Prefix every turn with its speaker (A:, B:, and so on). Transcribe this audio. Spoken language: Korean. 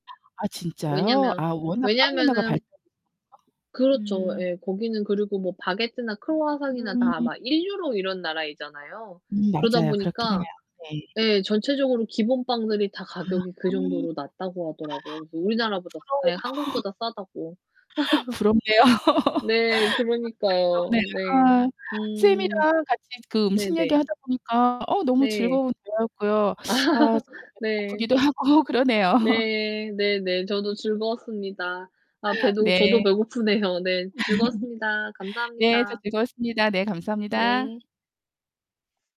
A: 아, 진짜요?
B: 왜냐면
A: 아, 워낙 빵 문화가
B: 왜냐하면은
A: 발달해서요?
B: 그렇죠.
A: 음.
B: 예, 거기는 그리고 뭐 바게트나 크루아상이나
A: 음.
B: 다 막 1 유로 이런 나라이잖아요.
A: 음,
B: 그러다
A: 맞아요. 그렇긴 해요.
B: 보니까
A: 네.
B: 예 전체적으로 기본 빵들이 다
A: 아.
B: 가격이
A: [unintelligible]
B: 그
A: 어
B: 정도로 낮다고 하더라고요. 그래서 우리나라보다 예,
A: 부러워요.
B: 한국보다 싸다고.
A: 부럽네요. 아 진짜
B: 네, 그러니까요. 네.
A: 부럽네요. 아,
B: 음.
A: 쌤이랑 같이 그 음식
B: 네네.
A: 얘기하다 보니까 어, 너무
B: 네.
A: 즐거운 대화였고요. 아, 살짝 배도
B: 네.
A: 고프기도 하고 그러네요.
B: 네. 네네. 저도 즐거웠습니다. 아, 배도 저도
A: 네.
B: 배고프네요. 네. 즐거웠습니다.
A: 네. 저도
B: 감사합니다.
A: 즐거웠습니다. 네. 감사합니다.
B: 네.